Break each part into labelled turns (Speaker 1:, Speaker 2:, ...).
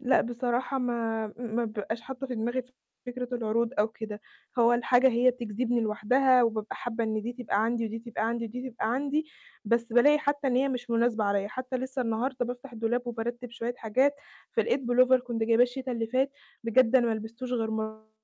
Speaker 1: لأ، بصراحة ما ما بيبقاش حاطّة في دماغي فِكرة العروض أو كده، هو الحاجة هي بتجذبني لوحدها، وبابقى حابّة إن دي تبقى عندي ودي تبقى عندي ودي تبقى عندي، بس بالاقي حتى إن هي مش مناسبة عليّا، حتى لِسّه النهارده بافتح الدولاب وبارتب شوية حاجات، فلقيت pullover كنت جايباه الشتا اللي فات، بجد أنا ما لبستوش غير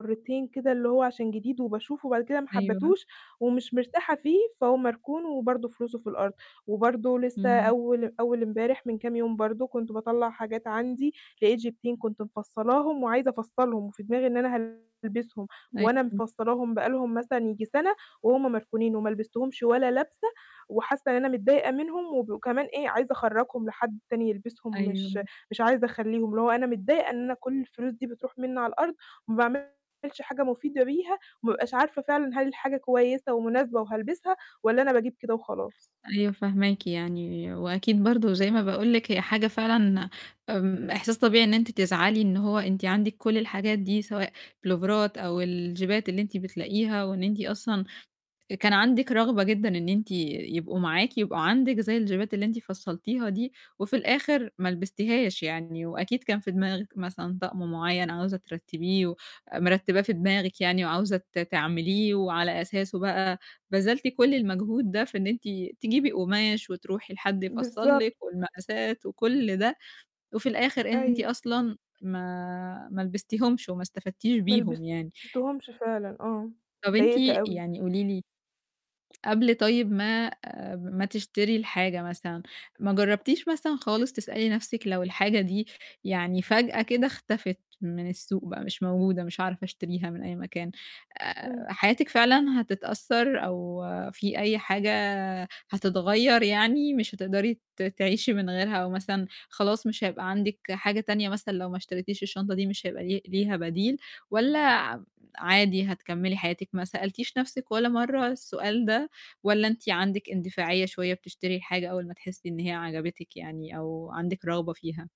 Speaker 1: مرتين كده، اللي هو عشان جديد وباشوفه، وبعد كده ما
Speaker 2: أيوه.
Speaker 1: حبتوش، ومش مرتاحة فيه، فهو مركون، وبرضه فلوسه في الأرض، وبرضه لِسّه
Speaker 2: إمم.
Speaker 1: أول أول إمبارح من كام يوم برضه كنت باطلّع حاجات عندي، لقيت جيبتين كنت مفصّلاهم، وعايزة أفصلهم، وفي دماغي إن أنا هالبسهم،
Speaker 2: أي
Speaker 1: وأنا
Speaker 2: إمم.
Speaker 1: مفصلاهم بقى لهم مثلًا ييجي سَنة، وهُم مركونين، وما لبستهمش ولا لبسة، وحاسّة إن أنا متضايقة منهم وب كمان إيه عايزة أخرجّهم لحد تاني يلبسهم، مش
Speaker 2: أيوه.
Speaker 1: مش عايزة أخليهم، اللي هو أنا متضايقة إن أنا كل الفلوس دي بتروح مِنّي على الأرض، وما باعملش حاجة مفيدة بيها، وما أبقاش عارفة فعلًا هل الحاجة كويسة ومناسبة وهالبسها، والّا أنا باجيب كده وخلاص.
Speaker 2: أيوه فاهماكِ يعني، وأكيد برضه زي ما باقول لِك هي حاجة فعلًا، إمم، إحساس طبيعي إن أنتِ تزعلي إن هو أنتِ عندِك كل الحاجات دي سواء بلوفارات أو الجيبات اللي أنتِ بتلاقيها، وإن أنتِ أصلًا كان عندِك رغبة جدًا إن أنتِ يبقوا معاكِ، يبقوا عندِك زي الجيبات اللي أنتِ فصّلتيها دي، وفي الآخر ما لبستيهاش يعني، وأكيد كان في دماغِك مثلًا طقم معيّن عاوزة ترتّبيه ومرتباه في دماغِك يعني وعاوزة ت تعمليه، وعلى أساسه بقى بذلتِ كل المجهود ده في إن أنتِ تجيبي قماش وتروحي لحد يفصّل
Speaker 1: بالضبط.
Speaker 2: لِك والمقاسات وكل ده، وفي الآخر أنتِ
Speaker 1: أيوه.
Speaker 2: أصلًا ما ما لبستيهمش وما استفدتيش
Speaker 1: ما
Speaker 2: بيهم يعني.
Speaker 1: لبستهمش فعلًا آه.
Speaker 2: طَب أنت
Speaker 1: اضايقت أوي.
Speaker 2: يعني قولِي لي قبل طيب ما ما تشتري الحاجة مثلًا، ما جرّبتيش مثلًا خالص تسألي نَفسِك لو الحاجة دي يعني فجأة كده اختفت من السوق بقى مش موجودة، مش هاعرف أشتريها من أي مكان، آآ،
Speaker 1: إمم.
Speaker 2: حياتِك فعلًا هتتأثّر أو في أي حاجة هتتغيّر يعني مش هتقدري ت تعيشي من غيرها، أو مثلًا خلاص مش هيبقى عندِك حاجة تانية مثلًا لو ما اشتريتيش الشنطة دي مش هيبقى لي ليها بديل؟ والّا عم عادي هتكملي حياتِك؟ ما سألتيش نَفْسِك ولا مَرّة السؤال ده؟ والّا أنتِ عندِك اندفاعية شوية بتشتري الحاجة أول ما تحسّي إن هي عجبتِك يعني أو عندِك رغبة فيها؟